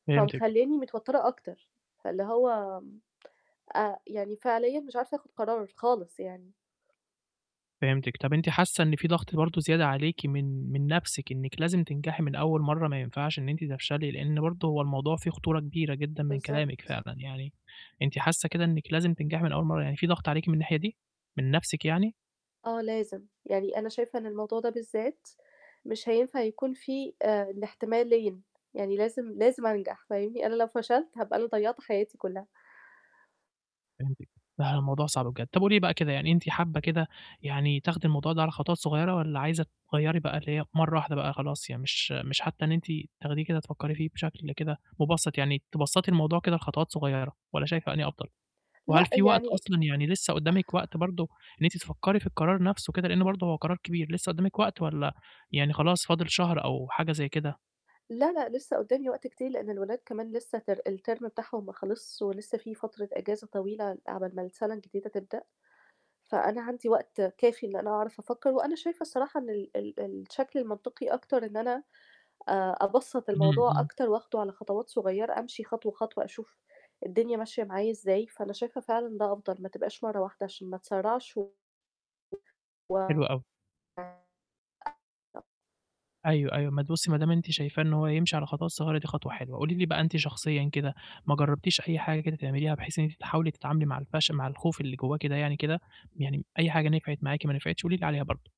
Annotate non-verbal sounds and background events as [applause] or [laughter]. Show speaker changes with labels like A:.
A: فهمتِك.
B: فمخلّياني متوتّرة أكتر. فاللي هو آآ، يعني فعليًا مش عارفة آخُد قرار خالص يعني.
A: فهمتِك. طَب أنتِ حاسّة إن في ضغط برضه زيادة عليكِ من من نَفْسِك إنِْك لازم تنجحي من أول مرّة، ما ينفعش إن أنتِ تفشلي، لإن برضه هو الموضوع فيه خطورة كبيرة جدًا من كلامِك
B: بالضبط.
A: فعلًا. يعني أنتِ حاسّة كده إنِّك لازم تنجحي من أول مرّة، يعني فيه ضغط عليكِ من الناحية دي؟ من نَفْسِك يعني؟
B: آه لازم، يعني أنا شايفة إن الموضوع ده بالذات مش هينفع يكون فيه آآ، الاحتمالين، يعني لازم، لازم أنجح، فاهمني؟ أنا لو فشلت، هابقى أنا ضيّعت حياتي كُلّها.
A: فهمتِك. لأ، الموضوع صعب بجد. طَب قولي لي بقى كده، يعني أنتِ حابّة كده يعني تاخدي الموضوع ده على خطوات صغيرة والّا عايزة تغيّري بقى، اللي هي في مرّة واحدة بقى خلاص، يعني مش مش حتّى إن أنتِ تاخديه كده تفكري فيه بشكل كده مُبسَّط، يعني تبسَّطي الموضوع كده لخطوات صغيرة، والّا شايفة أنهي أفضل؟ وهل
B: لأ،
A: في وقت
B: يعني [sighs]
A: أصلًا يعني لسّه قُدّامِك وقت برضه إن أنتِ تفكّري في القرار نَفْسه كده، لإن برضه هو قرار كبير، لسّه قُدّامِك وقت والّا يعني خلاص، فاضل شهر أو حاجة زي كده؟
B: لا، لأ، لسّه قُدّامي وقت كتير لإن الولاد كمان لسّه ter الterm بتاعهم ما خلصش ولسّه فيه فترة إجازة طويلة عقبال ما السَنة الجديدة تبدأ، فأنا عندي وقت كافي إن أنا أعرف أفكّر وأنا شايفة الصراحة إن ال ال الشكل المنطقي أكتر إن أنا آآ، أبسَّط
A: إمم،
B: الموضوع
A: إمم.
B: أكتر وآخده على خطوات صغيّرة، أمشي خطوة، خطوة أشوف الدنيا ماشية معايا إزاي، فأنا شايفة فعلًا ده أفضل، ما تبقاش مرّة واحدة عشان ما أتسرّعش و
A: حلو أوي.
B: و [unintelligible]
A: أيوه، أيوه. ما تبُصّي ما دام أنتِ شايفاه إن هو يمشي على خطوات صغيرة، دي خطوة حلوة. قولي لي بقى أنتِ شخصيًا كده، ما جرّبتيش أي حاجة كده تعمليها بحيث إن أنتِ تحاولي تتعاملي مع الفش مع الخوف اللي جوّاكِ كده يعني كده، يعني أي حاجة نفعت معاكِ ما نفعتش، قولي لي عليها برضه؟